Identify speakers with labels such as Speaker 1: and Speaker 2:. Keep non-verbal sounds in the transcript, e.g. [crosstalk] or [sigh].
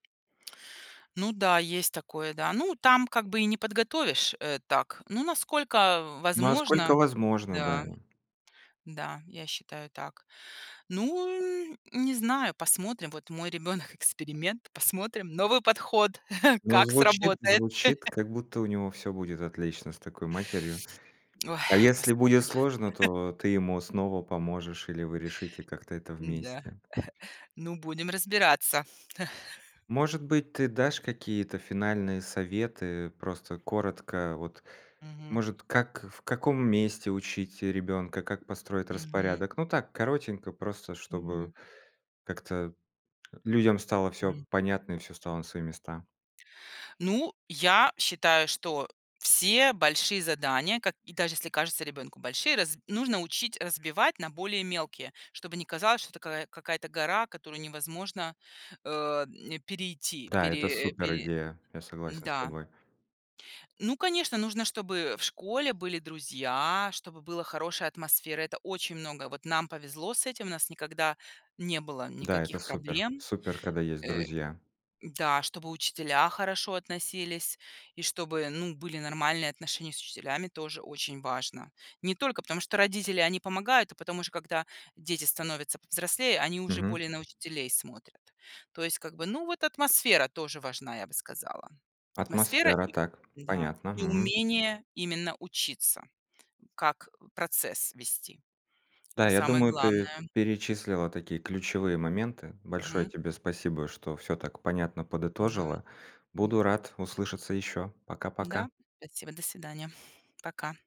Speaker 1: Ну да, есть такое, да. Ну, там как бы и не подготовишь, э, так. Ну, насколько возможно.
Speaker 2: Насколько возможно, да.
Speaker 1: Да. Да, я считаю так. Ну не знаю, посмотрим. Вот мой ребенок- эксперимент, посмотрим, новый подход [chuckles]
Speaker 2: Ну,
Speaker 1: как
Speaker 2: звучит
Speaker 1: сработает.
Speaker 2: звучит,
Speaker 1: [chuckles]
Speaker 2: как будто у него всё будет отлично с такой матерью. А
Speaker 1: [tsk] Ой,
Speaker 2: если будет
Speaker 1: посмотрим.
Speaker 2: сложно,
Speaker 1: [chuckles]
Speaker 2: то ты ему снова поможешь, или вы решите как-то это
Speaker 1: Н-да. [chuckles]
Speaker 2: вместе.
Speaker 1: Ну будем разбираться. [chuckles]
Speaker 2: Может быть, ты дашь какие-то финальные советы, просто коротко. Вот,
Speaker 1: Мгм.
Speaker 2: может, как в каком месте учить ребенка, как построить
Speaker 1: Мгм.
Speaker 2: распорядок? Ну так, коротенько, просто, чтобы
Speaker 1: Мгм.
Speaker 2: как-то людям стало всё
Speaker 1: М.
Speaker 2: понятно и всё стало на свои места.
Speaker 1: Ну, я считаю, что все большие задания, как и даже если кажется ребенку большие, раз нужно учить разбивать на более мелкие, чтобы не казалось, что такая какая-то гора, которую невозможно, э, м, перейти,
Speaker 2: Да, это
Speaker 1: пере пере
Speaker 2: суперидея, я согласен с
Speaker 1: Н-да.
Speaker 2: тобой.
Speaker 1: Ну, конечно, нужно, чтобы в школе были друзья, чтобы была хорошая атмосфера. Это очень много. Вот нам повезло с этим. У нас никогда не было
Speaker 2: Да, это
Speaker 1: никаких
Speaker 2: супер.
Speaker 1: проблем.
Speaker 2: Супер, когда есть
Speaker 1: Э
Speaker 2: друзья.
Speaker 1: да, чтобы учителя хорошо относились, и чтобы, ну, были нормальные отношения с учителями- тоже очень важно. Не только потому, что родители- они помогают, а потом уже когда дети становятся повзрослее, они уже
Speaker 2: Мгм.
Speaker 1: более на учителей смотрят. То есть как бы, ну, вот атмосфера тоже важна, я бы сказала. Атмосфера
Speaker 2: Атмосфера.
Speaker 1: и
Speaker 2: Так,
Speaker 1: да,
Speaker 2: понятно.
Speaker 1: и
Speaker 2: Мгм.
Speaker 1: умение именно учиться, как процесс вести.
Speaker 2: Да, я
Speaker 1: Самое
Speaker 2: думаю, ты
Speaker 1: главное.
Speaker 2: перечислила такие ключевые моменты. Большое
Speaker 1: Мгм.
Speaker 2: тебе спасибо, что всё так понятно
Speaker 1: Н-да.
Speaker 2: подытожила.
Speaker 1: М.
Speaker 2: Буду рад услышаться еще. Пока-пока.
Speaker 1: Да. Спасибо. До свидания. Пока.